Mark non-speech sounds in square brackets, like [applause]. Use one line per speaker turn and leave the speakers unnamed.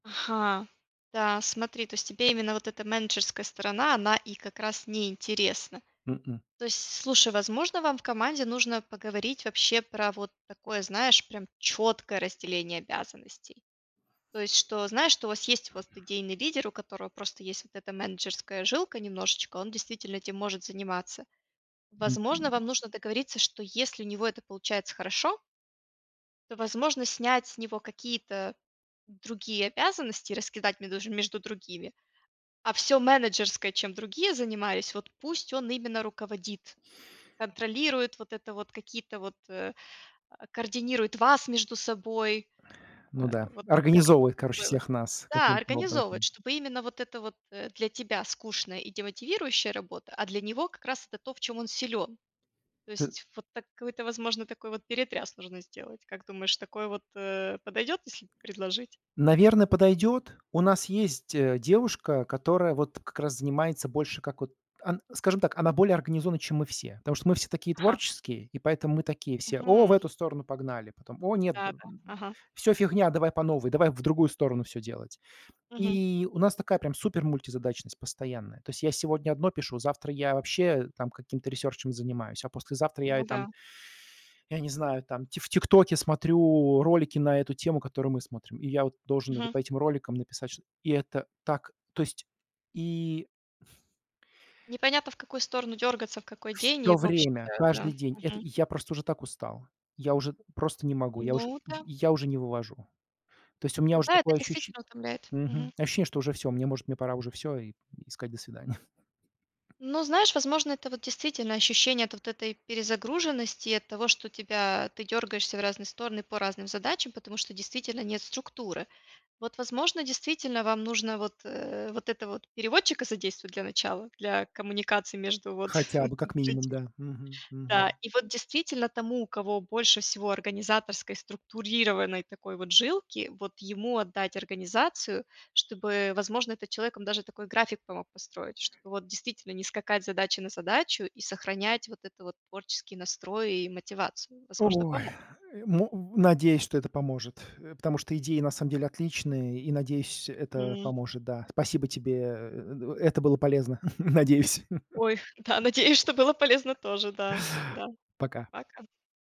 Ага, да, смотри, то есть тебе именно вот эта менеджерская сторона, она и как раз неинтересна.
М-м.
То есть, с слушай, возможно, вам в команде нужно поговорить вообще про вот такое, знаешь, прям четкое разделение обязанностей. То есть, что, знаешь, что у вас есть у вас т идейный лидер, у которого просто есть вот эта менеджерская жилка немножечко, он, действительно, этим может заниматься. Возможно, вам
[grunts]
нужно договориться, что если у него это получается хорошо то, возможно, снять с него какие-то другие обязанности, раскидать медож между другими, а всё менеджерское, чем другие занимались вот пусть он именно руководит. Контролирует вот это вот, какие-то вот, э, а, координирует вас между собой.
Ну
Э,
да,
вот как-то вот
организовывает, короче,
такое вот.
всех нас
Да,
каким-то
организовывать,
образом.
чтобы именно вот это вот, э, для тебя скучная и демотивирующая работа, а для него как раз это то, в чём он силен. То
Т
есть вот такой-то, возможно, такой вот перетряс нужно сделать. Как думаешь, такое вот, э, подойдет, если предложить?
Наверно, подойдет. У нас есть, э, девушка, которая вот как раз занимается больше как вот ан скажем так, она более организована, чем мы все. Потому что мы все такие
Ага.
творческие, и поэтому мы такие все: "О, в
Мгм.
эту сторону погнали". Потом: "О нет,
Да-да.
[grunts]
Ага.
всё, фигня, давай по новой, давай в другую сторону всё делать".
Мгм.
И у нас такая прям супермультизадачность постоянная. То есть я сегодня одно пишу, завтра я вообще там каким-то ресерчем занимаюсь, а послезавтра я
Ну
и там,
да.
[inhales] я не знаю там, ти в ТикТоке смотрю ролики на эту тему, которую мы смотрим, и я вот должен это
Мгм.
по этим роликам написать что-т И это так, то есть и
Непонятно, в какую сторону дергаться, в какой день, и
Всё
в общем,
время,
э, да.
каждый день, это
Мгм.
и я просто уже так устал, я уже просто не могу, я уж
Ну
й
да.
я уже не вывожу. То есть у меня уже
Да, это
такое ощущен
действительно утомляет. Мгм.
мгм, ощущение, что уже всё, может, мне пора уже всё, и и сказать: "До свидания". [chuckles]
Ну, знаешь, возможно, это вот действительно ощущение от вот этой перезагруженности и от того, что тебя ты дергаешься в разные стороны по разным задачам, потому что действительно нет структуры. Вот, возможно, действительно вам нужно вот, э, вот этого вот переводчика задействовать для начала, для коммуникации между вот
Хотя
[chuckles]
бы, как минимум,
людьми.
да. Мгм,
Да,
мгм.
и вот, действительно, тому, у кого больше всего организаторской, структурированной такой вот жилки, вот ему отдать организацию, чтобы, возможно, этот человек вам даже такой график помог построить, чтобы вот действительно не скакать с задачи на задачу и сохранять вот это вот творческий настрой и мотивацию. Возможно,
Ой.
поможет.
Мо надеюсь, что это поможет, э, потому что идеи, на самом деле, отличные, и надеюсь, это
Хм.
поможет, да. Спасибо тебе, э это было полезно, [chuckles] надеюсь. [chuckles]
Ой, да, надеюсь, что было полезно тоже да, да.
[chuckles] Пока.
Пока.